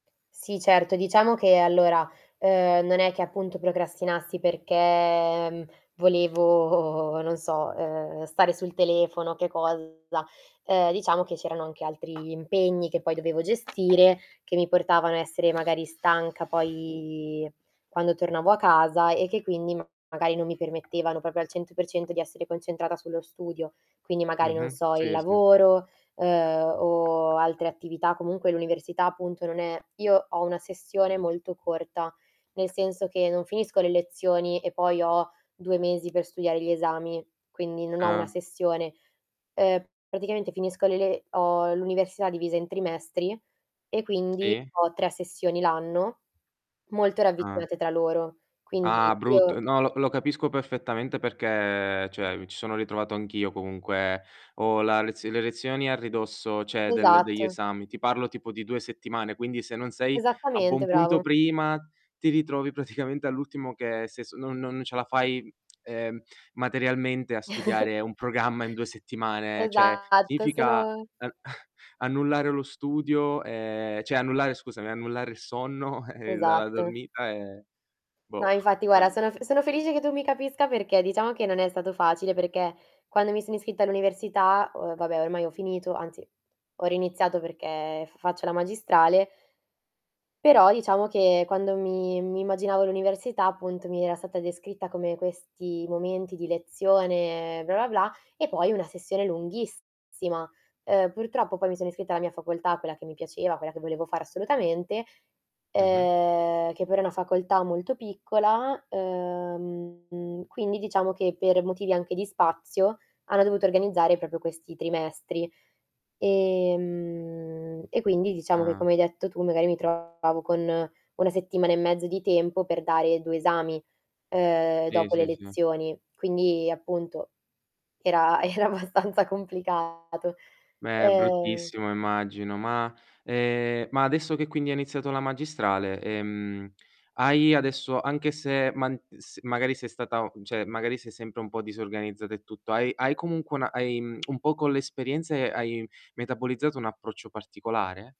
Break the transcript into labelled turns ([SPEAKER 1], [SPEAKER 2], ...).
[SPEAKER 1] Sì, certo, diciamo che allora, uhm, non è che appunto procrastinassi perché, mhmm, volevo, non so, uhm, stare sul telefono o che cosa, uhm, diciamo che c'erano anche altri impegni che poi dovevo gestire, che mi portavano a essere magari stanca poi quando tornavo a casa, e che quindi magari non mi permettevano proprio al 100% di essere concentrata sullo studio. Quindi magari non
[SPEAKER 2] Mh-mh.
[SPEAKER 1] so, il
[SPEAKER 2] Sì, sì.
[SPEAKER 1] lavoro, uhm, o altre attività, comunque l'università appunto non è Io ho una sessione molto corta, nel senso che non finisco le lezioni e poi ho 2 mesi per studiare gli esami, quindi non ho una
[SPEAKER 2] Ah.
[SPEAKER 1] sessione. Uhm, praticamente finisco le le ho l'università divisa in trimestri, e quindi
[SPEAKER 2] Sì.
[SPEAKER 1] ho 3 sessioni l'anno, molto
[SPEAKER 2] Ah.
[SPEAKER 1] ravvicinate tra loro. Quindi
[SPEAKER 2] Ah,
[SPEAKER 1] io
[SPEAKER 2] brutto, no, lo lo capisco perfettamente perché, cioè, mi ci sono ritrovato anch'io comunque. Ho la lez le lezioni a ridosso, cioè, del degli
[SPEAKER 1] Esatto.
[SPEAKER 2] esami, ti parlo tipo di 2 settimane, quindi se non sei a buon
[SPEAKER 1] Esattamente
[SPEAKER 2] punto
[SPEAKER 1] bravo.
[SPEAKER 2] prima ti ritrovi praticamente all'ultimo che se s non non ce la fai, ehm, materialmente a studiare un programma in 2 settimane. Cioè,
[SPEAKER 1] Esatto,
[SPEAKER 2] significa,
[SPEAKER 1] sono
[SPEAKER 2] uhm, annullare lo studio ehm, cioè, annullare scusami, annullare il sonno e e la
[SPEAKER 1] Esatto.
[SPEAKER 2] dormita, e boh,
[SPEAKER 1] No, infatti
[SPEAKER 2] non
[SPEAKER 1] guarda,
[SPEAKER 2] lo s
[SPEAKER 1] sono f sono felice che tu mi capisca perché, diciamo che non è stato facile perché, quando mi sono iscritta all'università, ho vabbè, ormai ho finito, anzi ho riiniziato perché f faccio la magistrale però diciamo che quando mi mi immaginavo l'università, appunto, mi era stata descritta come questi momenti di lezione, bla, bla bla, e poi una sessione lunghissima. Uhm, purtroppo, poi, mi sono iscritta alla mia facoltà, quella che mi piaceva, quella che volevo fare assolutamente,
[SPEAKER 2] Mh-mh.
[SPEAKER 1] uhm, che però è una facoltà molto piccola, uhm, quindi diciamo che per motivi anche di spazio, hanno dovuto organizzare proprio questi trimestri. Ehm, e quindi diciamo che
[SPEAKER 2] Ah.
[SPEAKER 1] come hai detto tu magari mi trovavo con una settimana e mezzo di tempo per dare 2 esami, uhm,
[SPEAKER 2] Sì,
[SPEAKER 1] dopo le
[SPEAKER 2] sì, sì.
[SPEAKER 1] lezioni. Quindi appunto era era abbastanza complicato.
[SPEAKER 2] Eh,
[SPEAKER 1] Uhm
[SPEAKER 2] bruttissimo immagino. Ma, ehm, ma adesso che quindi hai iniziato la magistrale, ehm, hai adesso anche se man s magari sei stata o cioè, magari sei sempre un po' disorganizzata e tutto, hai hai comunque una hai mhmm, un po' con l'esperienza, ehm, hai metabolizzato un approccio particolare?